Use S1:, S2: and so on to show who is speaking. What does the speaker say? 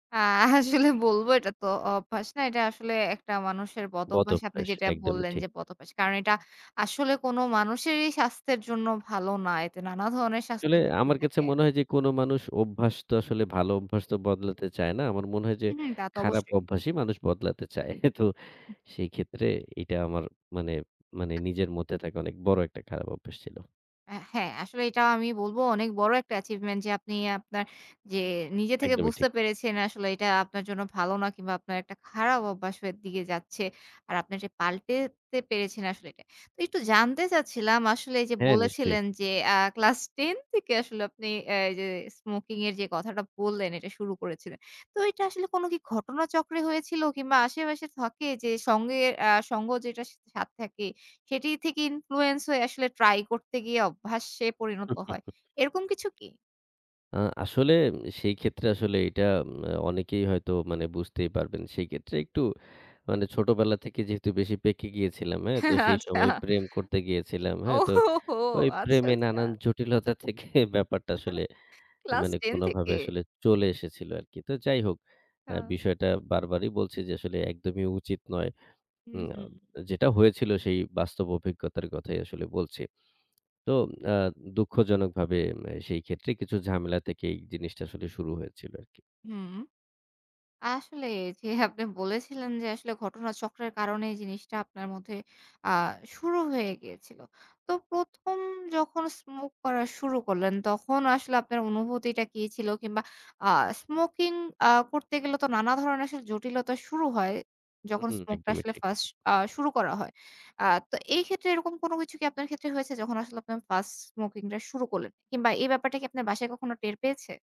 S1: আ আসলে বলবো এটা তো অভ্যাস না। এটা আসলে একটা মানুষের
S2: বদ
S1: বদঅভ্যাস। আপনি
S2: অভ্যাস,
S1: যেটা
S2: একদমই
S1: বললেন
S2: ঠিক।
S1: যে বদঅভ্যাস। কারণ এটা আসলে কোনো মানুষেরই স্বাস্থ্যের জন্য ভালো না। এতে নানা ধরনের স্বাস্থ্য
S2: আসলে
S1: ঝুঁকি
S2: আমার কাছে
S1: থাকে।
S2: মনে হয় যে কোনো মানুষ অভ্যাস তো আসলে ভালো অভ্যাস তো বদলাতে চায় না। আমার মনে হয় যে,
S1: হু, হু তা তো
S2: খারাপ
S1: অবশ্যই।
S2: অভ্যাসই মানুষ বদলাতে চায়। তো সেই ক্ষেত্রে এটা আমার মানে, মানে নিজের মধ্যে থাকে অনেক বড় একটা খারাপ অভ্যাস ছিল।
S1: অ্যা হ্যাঁ আসলে এটাও আমি বলব অনেক বড় একটা achievement যে, আপনি আপনার যে নিজে থেকে
S2: একদমই ঠিক।
S1: বুঝতে পেরেছেন আসলে এটা আপনার জন্য ভালো না কিংবা আপনার একটা খারাপ অভ্যাসের হয়ে দিকে যাচ্ছে। আর আপনি যে এটা পাল্টাতে পেরেছেন আসলে এটা। তো একটু জানতে চাচ্ছিলাম আসলে যে,
S2: হ্যাঁ, নিশ্চয়ই।
S1: বলেছিলেন যে অ্যা ক্লাস 10 থেকে আসলে আপনি আ যে স্মোকিং এর যে কথাটা বললেন এটা শুরু করেছিলেন। তো এটা আসলে কোনো কি ঘটনাচক্রে হয়েছিল, কিংবা আশেপাশে থাকে যে সঙ্গে আ সঙ্গ যেটা সাথে থাকে, সেটি থেকে influence হয়ে আসলে ট্রাই করতে গিয়ে অভ্যাসে পরিণত হয়। এরকম কিছু কি?
S2: আ আসলে সেই ক্ষেত্রে আসলে এটা এন অনেকেই হয়তো মানে বুঝতেই পারবেন। সেক্ষেত্রে একটু মানে ছোটবেলা থেকে যেহেতু বেশি পেকে গিয়েছিলাম, হ্যাঁ? তো
S1: হ্যাঁ,
S2: সেই
S1: আচ্ছা।
S2: সময় প্রেম করতে গিয়েছিলাম।
S1: ও
S2: হ্যাঁ? তো
S1: হো হো!
S2: ওই
S1: আচ্ছা,
S2: প্রেমে
S1: আচ্ছা।
S2: নানান জটিলতা থেকে ব্যাপারটা আসলে
S1: ক্লাস
S2: মানে
S1: 10
S2: কোনোভাবে
S1: থেকে?
S2: আসলে চলে এসেছিল আরকি। তো যাই হোক আ
S1: হা।
S2: বিষয়টা বারবারই বলছি যে আসলে একদমই উচিত নয়।
S1: হু,
S2: উম আ
S1: হু।
S2: যেটা হয়েছিল সেই বাস্তব অভিজ্ঞতার কথাই আসলে বলছি। তো আ দুঃখজনকভাবে এম এ সেই ক্ষেত্রে কিছু ঝামেলা থেকে এই জিনিসটা আসলে শুরু হয়েছিল আরকি।
S1: হুম। আসলে যে আপনি বলেছিলেন যে আসলে ঘটনা চক্রের কারণে জিনিসটা আপনার মধ্যে আ শুরু হয়ে গিয়েছিল। তো ১ম যখন স্মোক করা শুরু করলেন, তখন আসলে আপনার অনুভূতিটা কি ছিল? কিংবা আ স্মোকিং আ করতে গেলে তো নানা ধরনের আসলে জটিলতা শুরু হয়। যখন
S2: হুম,
S1: স্মোকটা
S2: একদমই
S1: আসলে
S2: ঠিক।
S1: 1st আ শুরু করা হয়। আ তো এই ক্ষেত্রে এরকম কোন কিছু কি আপনার ক্ষেত্রে হয়েছে, যখন আসলে আপনার 1st স্মোকিং টা শুরু করলেন? কিংবা এই ব্যাপারটা কি আপনার বাসায় কখনো টের পেয়েছে?